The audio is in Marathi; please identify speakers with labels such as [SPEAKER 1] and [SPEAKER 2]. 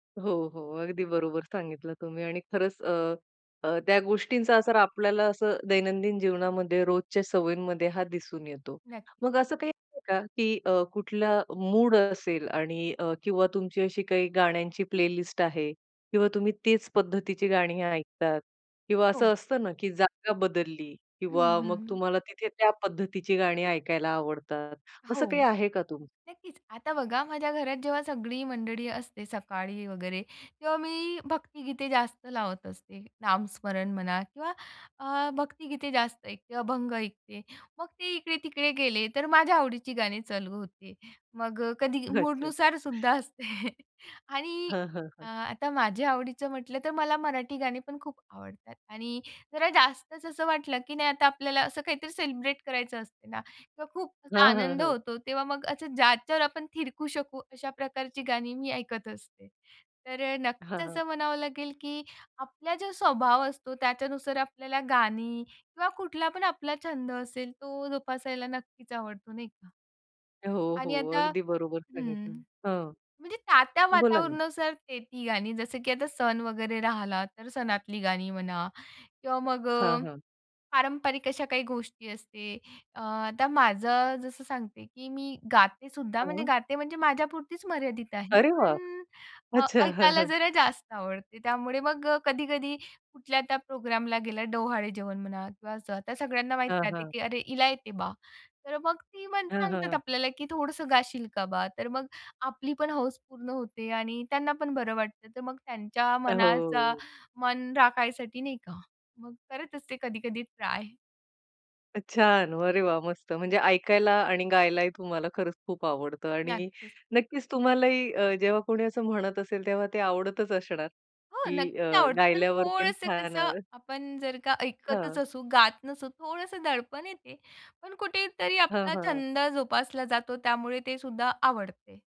[SPEAKER 1] हो, हो. अगदी बरोबर सांगितलं तुम्ही आणि खरंच अ, अ, त्या गोष्टींचा असर आपल्याला असं दैनंदिन जीवनामध्ये रोजच्या सवयींमध्ये हां दिसून येतो.
[SPEAKER 2] नक्की.
[SPEAKER 1] मग असं काही आहे का की अ, कुठला मूड असेल आणि अ, किंवा तुमची अशी काही गाण्यांची प्लेलिस्ट आहे किंवा तुम्ही तीच पद्धतीची गाणी ऐकतात किंवा
[SPEAKER 2] हो.
[SPEAKER 1] असं असतं ना की जागा बदलली
[SPEAKER 2] हं,
[SPEAKER 1] किंवा मग
[SPEAKER 2] हं.
[SPEAKER 1] तुम्हाला तिथे त्या पद्धतीची गाणी ऐकायला आवडतात. असं
[SPEAKER 2] हो.
[SPEAKER 1] काही आहे का तुमचं?
[SPEAKER 2] नक्कीच आता बघा माझ्या घरात जेव्हा सगळी मंडळी असते सकाळी वगैरे, तेव्हा मी भक्तीगीते जास्त लावत असते. नामस्मरण म्हणा किंवा अ, भक्तिगीते जास्त ऐकते, अभंग ऐकते. मग ते इकडे-तिकडे गेले तर, माझ्या आवडीची गाणी चालू होते. मग कधी
[SPEAKER 1] अच्छा.
[SPEAKER 2] मूडनुसार सुद्धा असते आणि
[SPEAKER 1] हं, हं.
[SPEAKER 2] अ, आता माझ्या आवडीचं म्हटलं तर, मला मराठी गाणीपण खूप आवडतात आणि जरा जास्तच असं वाटलं की नाही आता आपल्याला असं काहीतरी सेलिब्रेट करायचं असते ना, तर खूप असा
[SPEAKER 1] हां, हं.
[SPEAKER 2] आनंद
[SPEAKER 1] हं.
[SPEAKER 2] होतो, तेव्हा मग असं ज्याच्यावर आपण थिरकू शकू, अशा प्रकारची गाणी मी ऐकत असते. तर नक्कीच
[SPEAKER 1] हां, हां.
[SPEAKER 2] असं म्हणावं लागेल की आपला जो स्वभाव असतो, त्याच्यानुसार आपल्याला गाणी किंवा कुठलापण आपला छंद असेल तो जोपासायला नक्कीच आवडतो, नाही का.
[SPEAKER 1] हो,
[SPEAKER 2] आणि
[SPEAKER 1] हो.
[SPEAKER 2] आता
[SPEAKER 1] अगदी बरोबर
[SPEAKER 2] हं.
[SPEAKER 1] सांगितलं हं.
[SPEAKER 2] म्हणजे त्या-त्या
[SPEAKER 1] बोला ना.
[SPEAKER 2] वातावरणासारखी ते ती गाणी, जसं की आता सण वगैरे राहिला तर सणातली गाणी म्हणा किंवा मग
[SPEAKER 1] हां, हां.
[SPEAKER 2] पारंपरिक अशा काही गोष्टी असतात. आता माझं जसं सांगते की मी गातेसुद्धा, म्हणजे
[SPEAKER 1] हां.
[SPEAKER 2] गाते म्हणजे माझ्यापुरतीच मर्यादित आहे.
[SPEAKER 1] अरे वाह!
[SPEAKER 2] पण
[SPEAKER 1] अच्छा हं,
[SPEAKER 2] ऐकायला
[SPEAKER 1] हं.
[SPEAKER 2] जरा जास्त आवडतं. त्यामुळे मग कधी-कधी कुठल्या त्या प्रोग्रामला गेलं, डोहाळेजेवण म्हणा किंवा आता सगळ्यांना
[SPEAKER 1] हां,
[SPEAKER 2] माहीत असतं
[SPEAKER 1] हां.
[SPEAKER 2] की "अरे, हिला येतंय बा," तर मग ती
[SPEAKER 1] हां,
[SPEAKER 2] म्हणतात
[SPEAKER 1] हं.
[SPEAKER 2] आपल्याला की "थोडंसं गाशील का बा?" तर मग आपली पण हौस पूर्ण होते आणि त्यांनापण बरं वाटतं. तर मग त्यांच्या मनाचा
[SPEAKER 1] हो.
[SPEAKER 2] मान राखायसाठी नाही का, मग करत असते कधी-कधी ट्राय.
[SPEAKER 1] छान! अरे वाह! मस्त. म्हणजे ऐकायला आणि गायलाही तुम्हाला खरंच खूप आवडतं आणि
[SPEAKER 2] नक्कीच.
[SPEAKER 1] नक्कीच तुम्हालाही अ, जेव्हा कोणी असं म्हणत असेल तेव्हा ते आवडतच असणार
[SPEAKER 2] हो
[SPEAKER 1] की अ,
[SPEAKER 2] नक्कीच आवडते. पण
[SPEAKER 1] गायल्यावर पण
[SPEAKER 2] थोडंसं
[SPEAKER 1] छान
[SPEAKER 2] कसं
[SPEAKER 1] आवड.
[SPEAKER 2] आपण जर का ऐकतच
[SPEAKER 1] हं.
[SPEAKER 2] असू, गात नसू थोडंसं दडपण येते, पण कुठेतरी
[SPEAKER 1] हां,
[SPEAKER 2] आपला
[SPEAKER 1] हां.
[SPEAKER 2] छंद जोपासला जातो, त्यामुळे ते सुद्धा आवडते.